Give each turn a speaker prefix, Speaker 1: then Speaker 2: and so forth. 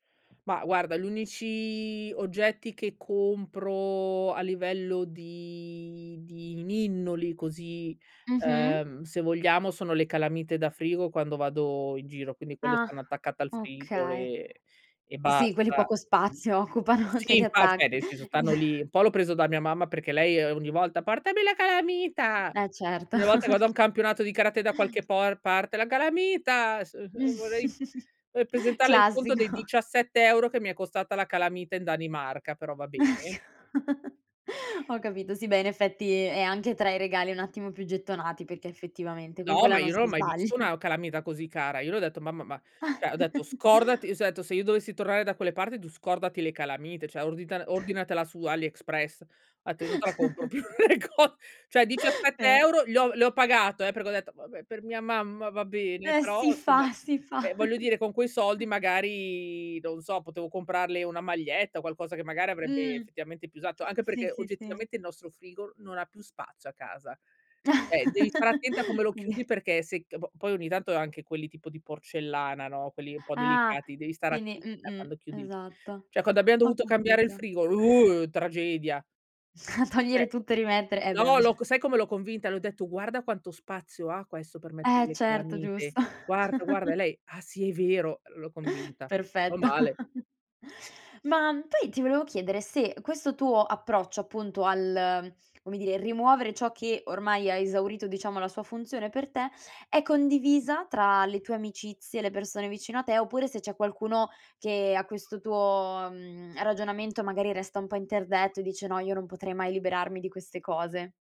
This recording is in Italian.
Speaker 1: Ma guarda gli unici oggetti che compro a livello di di ninnoli così,
Speaker 2: Mh-mh.
Speaker 1: uhm, se vogliamo sono le calamite da frigo quando vado in giro, quindi quelle
Speaker 2: Ah,
Speaker 1: stanno attaccate al frigo
Speaker 2: okay.
Speaker 1: e e
Speaker 2: Sì, quelli
Speaker 1: basta.
Speaker 2: poco spazio occupano, te
Speaker 1: Sì,
Speaker 2: li
Speaker 1: infa
Speaker 2: attacchi.
Speaker 1: nel senso stanno lì, un po' l'ho preso da mia mamma perché lei ogni volta: "Portami la calamita!"
Speaker 2: E certo.
Speaker 1: Ogni volta che vado a un campionato di karate da qualche por parte "La calamita!" s uhm, vorrei, uhm, presentarle il conto dei
Speaker 2: Classico.
Speaker 1: 17 € che mi è costata la calamita in Danimarca, però va bene.
Speaker 2: Ho capito, sì beh in effetti è anche tra i regali un attimo più gettonati perché effettivamente con
Speaker 1: No,
Speaker 2: quella
Speaker 1: ma
Speaker 2: non
Speaker 1: io non ho
Speaker 2: si
Speaker 1: mai visto
Speaker 2: sbaglia.
Speaker 1: una calamita così cara. Io le ho detto "Mamma, ma" cioè, ho detto, "...scordati!" S ho detto: "Se io dovessi tornare da quelle parti tu scordati le calamite, cioè ordita ordinatela su Aliexpress.": [unintelligible] "Io non te la compro più!" Co cioè diciassette
Speaker 2: [unintelligible]
Speaker 1: euro gli ho le ho pagato eh, perché ho detto: "Vabbè per mia mamma va bene."
Speaker 2: Eh
Speaker 1: Però
Speaker 2: si
Speaker 1: somma,
Speaker 2: fa si fa.
Speaker 1: ehm, voglio dire con quei soldi magari non so potevo comprarle una maglietta o qualcosa che magari avrebbe
Speaker 2: Mh,
Speaker 1: effettivamente più usato, anche
Speaker 2: sì,
Speaker 1: perché
Speaker 2: sì, sì.
Speaker 1: oggettivamente il nostro frigo non ha più spazio a casa. Eh, devi stare attenta a come lo
Speaker 2: Quindi
Speaker 1: chiudi perché se c po poi ogni tanto anche quelli tipo di porcellana, no, quelli un po'
Speaker 2: Ah
Speaker 1: delicati, devi stare
Speaker 2: quindi
Speaker 1: attenta
Speaker 2: mh-mh,
Speaker 1: quando chiudi il
Speaker 2: esatto.
Speaker 1: cioè quando abbiamo
Speaker 2: Ho
Speaker 1: dovuto cambiare il
Speaker 2: capito.
Speaker 1: frigo, uh tragedia.
Speaker 2: A togliere
Speaker 1: Cioè,
Speaker 2: tutto e rimettere, eh
Speaker 1: no,
Speaker 2: bem
Speaker 1: l'ho con sai come l'ho convinta? Le ho detto: "Guarda quanto spazio ha questo per mettere
Speaker 2: Eh
Speaker 1: le
Speaker 2: certo,
Speaker 1: calamite!
Speaker 2: giusto.
Speaker 1: Guarda, guarda!" E lei: "Ah, sì, è vero!" L'ho convinta, no
Speaker 2: Perfetto.
Speaker 1: male.
Speaker 2: Ma poi ti volevo chiedere se questo tuo approccio appunto al come dire, rimuovere ciò che ormai ha esaurito diciamo la sua funzione per te, è condivisa tra le tue amicizie, le persone vicino a te oppure se c'è qualcuno che a questo tuo, mhmm, ragionamento magari resta un po' interdetto e dice: "No, io non potrei mai liberarmi di queste cose."